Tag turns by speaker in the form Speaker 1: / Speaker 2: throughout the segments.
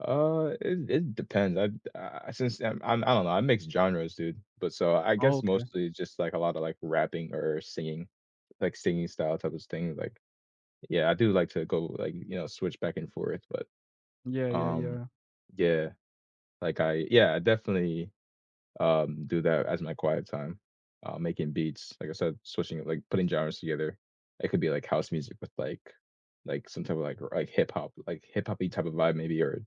Speaker 1: Uh, it it depends, I'd uh, uh, since I'm I'm I don't know, I mix genres, dude, but so, I
Speaker 2: Oh,
Speaker 1: guess
Speaker 2: okay.
Speaker 1: mostly just like a lotta, like, rapping, or singing, like, singing style type of s thing, like Yeah, I do like to go, like, you know, switch back and forth, but
Speaker 2: Yeah, yeah,
Speaker 1: um,
Speaker 2: yeah.
Speaker 1: yeah, like, I Yeah, I definitely, um, do that as my quiet time, um, making beats, like, I said, switching like, putting genres together. It could be, like, house music with, like like, some type of, like, r like, hip-hop, like, hip-hop-y type of vibe, maybe, or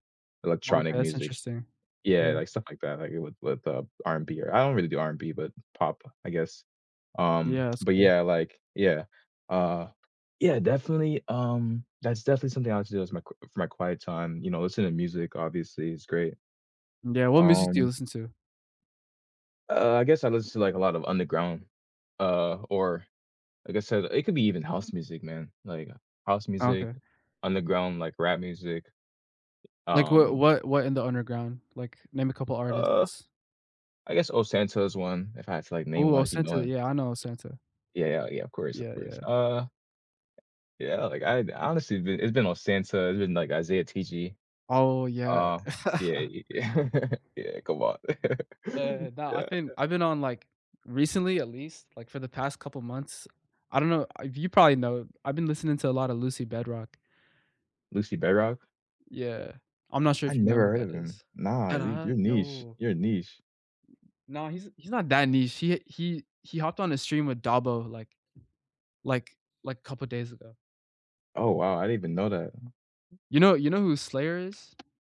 Speaker 1: electronic
Speaker 2: Okay, that's
Speaker 1: music.
Speaker 2: interesting.
Speaker 1: Yeah,
Speaker 2: Yeah.
Speaker 1: like, stuff like that, like, it would with, uh, R&B, or I don't really do R&B, but pop, I guess. Um,
Speaker 2: Yeah, that's
Speaker 1: but,
Speaker 2: cool.
Speaker 1: yeah, like Yeah. Uh, yeah, definitely um, that's definitely something I like to do as my qu for my quiet time, you know, listen to music, obviously, is great,
Speaker 2: Yeah, what music do you
Speaker 1: um
Speaker 2: listen to?
Speaker 1: Uh, I guess I listen to, like, a lot of underground uh, or, like I said, it could be even house music, man, like, house music,
Speaker 2: Okay.
Speaker 1: underground, like, rap music,
Speaker 2: Like, what
Speaker 1: um
Speaker 2: what what in the underground? Like, name a couple
Speaker 1: Uh,
Speaker 2: artists.
Speaker 1: I guess ohsxnta is one, if I had to, like, name
Speaker 2: Ooh,
Speaker 1: one if you know
Speaker 2: ohsxnta,
Speaker 1: him.
Speaker 2: yeah, I know ohsxnta.
Speaker 1: Yeah, yeah, yeah, of course, of
Speaker 2: Yeah,
Speaker 1: course,
Speaker 2: yeah.
Speaker 1: uh Yeah, like, I'd honestly, it's been it's been ohsxnta, it's been, like, Izaya Tiji.
Speaker 2: Oh, yeah.
Speaker 1: Uh, yeah, y yeah. Yeah, come on.
Speaker 2: Eh, no, I've been I've been on, like recently at least, like, for the past couple months, I don't know, uh, if you probably know I've been listening to a lot of Lucy Bedroque.
Speaker 1: Lucy Bedroque?
Speaker 2: Yeah. I'm not sure
Speaker 1: I
Speaker 2: if you know who
Speaker 1: never heard
Speaker 2: that
Speaker 1: of him.
Speaker 2: is.
Speaker 1: Nah,
Speaker 2: And
Speaker 1: y
Speaker 2: I
Speaker 1: you're niche,
Speaker 2: yo
Speaker 1: you're niche.
Speaker 2: Nah, he's he's not that niche. He he he hopped on the stream with Dabo, like like like, couple days ago.
Speaker 1: Oh, wow. I didn't even know that.
Speaker 2: You know you know who Slayr is?